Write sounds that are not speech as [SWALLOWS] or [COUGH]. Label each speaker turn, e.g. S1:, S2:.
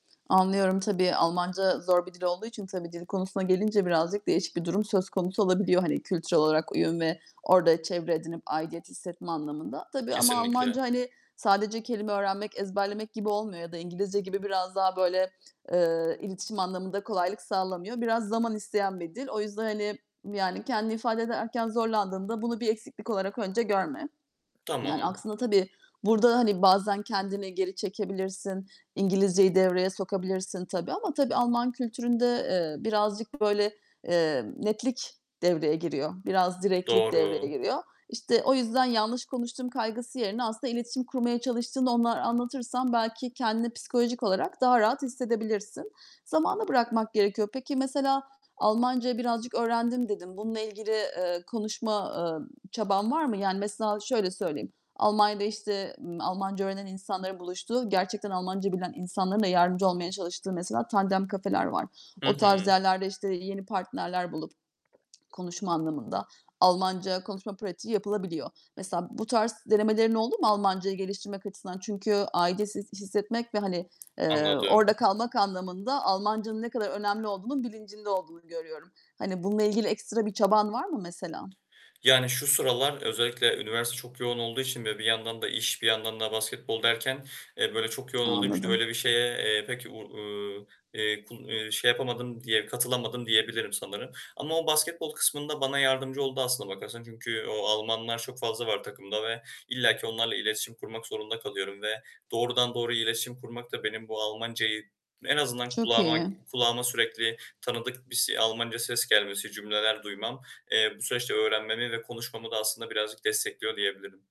S1: Anlıyorum. Tabii Almanca zor bir dil olduğu için tabii dil konusuna gelince birazcık değişik bir durum söz konusu olabiliyor. Hani, kültürel olarak uyum ve orada çevre edinip aidiyet hissetme anlamında. Tabii ama
S2: Kesinlikle.
S1: Almanca, hani, sadece kelime öğrenmek, ezberlemek gibi olmuyor ya da İngilizce gibi biraz daha böyle, eee, iletişim anlamında kolaylık sağlamıyor. Biraz zaman isteyen bir dil. O yüzden, hani, yani, kendini ifade ederken zorlandığında bunu bir eksiklik olarak önce görme. Yani,
S2: Tamam.
S1: aslında tabii, burada, hani, bazen kendini geri çekebilirsin, İngilizceyi devreye sokabilirsin tabii ama tabii Alman kültüründe, eee, birazcık böyle, eee, netlik devreye giriyor, biraz direktlik devreye
S2: Doğru.
S1: giriyor. İşte, o yüzden yanlış konuştum kaygısı yerine aslında iletişim kurmaya çalıştığını onlara anlatırsan belki kendini psikolojik olarak daha rahat hissedebilirsin. Zamana bırakmak gerekiyor. Peki, mesela "Almancayı birazcık öğrendim." dedin. Bununla ilgili, eee, konuşma, eee, çaban var mı? Yani, mesela şöyle söyleyeyim. Almanya'da işte, ııı, Almanca öğrenen insanların buluştuğu, gerçekten Almanca bilen insanların da yardımcı olmaya çalıştığı, mesela Tandem kafeler var.
S2: Hı
S1: O tarz
S2: hı.
S1: yerlerde, işte, yeni partnerler bulup, [SWALLOWS] konuşma anlamında, Almanca konuşma pratiği yapılabiliyor. Mesela bu tarz denemelerin oldu mu Almancayı geliştirmek açısından? Çünkü aidiyet his hissetmek ve, hani, eee,
S2: Anladım.
S1: orada kalmak anlamında Almancanın ne kadar önemli olduğunun bilincinde olduğunu görüyorum. Hani, bununla ilgili ekstra bir çaban var mı mesela?
S2: Yani, şu sıralar özellikle üniversite çok yoğun olduğu için ve bir yandan da iş, bir yandan da basketbol derken, eee, böyle, çok yoğun olduğum için
S1: Anladım.
S2: öyle bir şeye, eee, pek, u eee, eee, ku eee, şey yapamadım diye katılamadım diyebilirim sanırım. Ama o basketbol kısmında bana yardımcı oldu aslına bakarsan. Çünkü o Almanlar çok fazla var takımda ve illa ki onlarla iletişim kurmak zorunda kalıyorum ve doğrudan doğruya iletişim kurmak da benim bu Almancayı en azından
S1: Çok
S2: kulağıma
S1: iyi.
S2: kulağıma sürekli tanıdık bir s Almanca ses gelmesi, cümleler duymam, eee, bu süreçte öğrenmemi ve konuşmamı da aslında birazcık destekliyor diyebilirim.